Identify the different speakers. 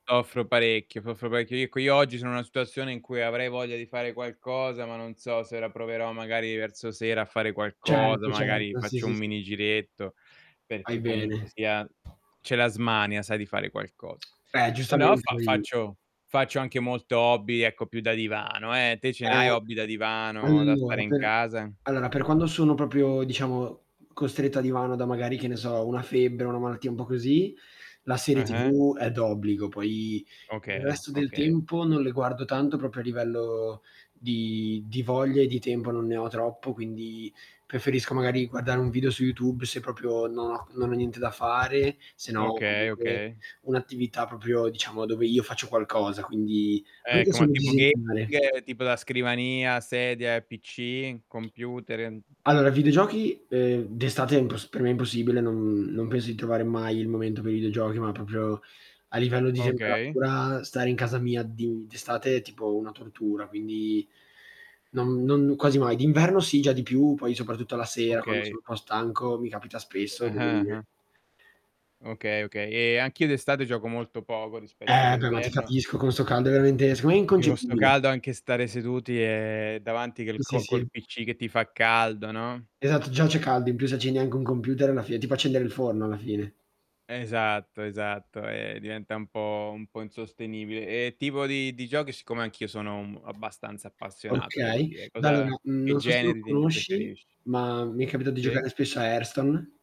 Speaker 1: Soffro parecchio, soffro parecchio. Io co io oggi sono una situazione in cui avrei voglia di fare qualcosa, ma non so se ora proverò magari verso sera a fare qualcosa,
Speaker 2: Certo,
Speaker 1: magari
Speaker 2: certo, sì,
Speaker 1: faccio
Speaker 2: sì,
Speaker 1: un
Speaker 2: sì.
Speaker 1: mini giretto,
Speaker 2: Fai
Speaker 1: perché comunque
Speaker 2: bene.
Speaker 1: sia c'è la smania sai di fare qualcosa.
Speaker 2: Beh,
Speaker 1: Se no
Speaker 2: giustamente
Speaker 1: fa
Speaker 2: poi
Speaker 1: faccio faccio anche molto hobby, ecco più da divano eh, te ce ne
Speaker 2: Ehm,
Speaker 1: hai hobby da divano, da stare
Speaker 2: allora
Speaker 1: in
Speaker 2: per
Speaker 1: casa?
Speaker 2: allora, per quando sono proprio diciamo costretto a divano, da magari, che ne so, una febbre, una malattia un po' così, la serie
Speaker 1: Eh-eh.
Speaker 2: TV è d'obbligo, poi il
Speaker 1: Okay,
Speaker 2: resto del
Speaker 1: okay.
Speaker 2: tempo non le guardo tanto, proprio a livello di di voglia e di tempo non ne ho troppo, quindi preferisco magari guardare un video su YouTube, se proprio non ho non ho niente da fare, se no
Speaker 1: Okay,
Speaker 2: comunque
Speaker 1: okay.
Speaker 2: un'attività proprio diciamo dove io faccio qualcosa, quindi anche
Speaker 1: Ecco, ma
Speaker 2: solo
Speaker 1: tipo
Speaker 2: disegnare.
Speaker 1: gaming, tipo da scrivania, sedia, PC, computer e n
Speaker 2: Allora, videogiochi, ehm, d'estate è impos per me è impossibile, non non penso di trovare mai il momento per i videogiochi, ma proprio a livello di
Speaker 1: Okay.
Speaker 2: temperatura, stare in casa mia di d'estate è tipo una tortura, quindi non non quasi mai. D'inverno sì, già di più, poi soprattutto la sera, quando
Speaker 1: Okay.
Speaker 2: sono un po' stanco, mi capita spesso, devo
Speaker 1: Ah-ah,
Speaker 2: dire.
Speaker 1: ah. Okay, okay, e anch'io d'estate gioco molto poco rispetto
Speaker 2: Eh beh, ma ti
Speaker 1: all'inverno
Speaker 2: capisco, con 'sto caldo è veramente seco me è
Speaker 1: perché con 'sto
Speaker 2: inconcepibile.
Speaker 1: caldo anche stare seduti è davanti che il
Speaker 2: Sì,
Speaker 1: co col
Speaker 2: sì.
Speaker 1: PC che ti fa caldo, no?
Speaker 2: Esatto, già c'è caldo, in più se accendi anche un computer è la fine, tipo accendere il forno alla fine.
Speaker 1: Esatto, esatto, e diventa un po' un po' insostenibile. E tipo di di giochi, siccome anch'io sono um abbastanza appassionato devo
Speaker 2: Okay.
Speaker 1: dire, cosa
Speaker 2: Allora,
Speaker 1: che
Speaker 2: non so se lo
Speaker 1: generi te
Speaker 2: conosci,
Speaker 1: preferisci?
Speaker 2: ma mi è capitato di
Speaker 1: Sì.
Speaker 2: giocare spesso a Hearthstone.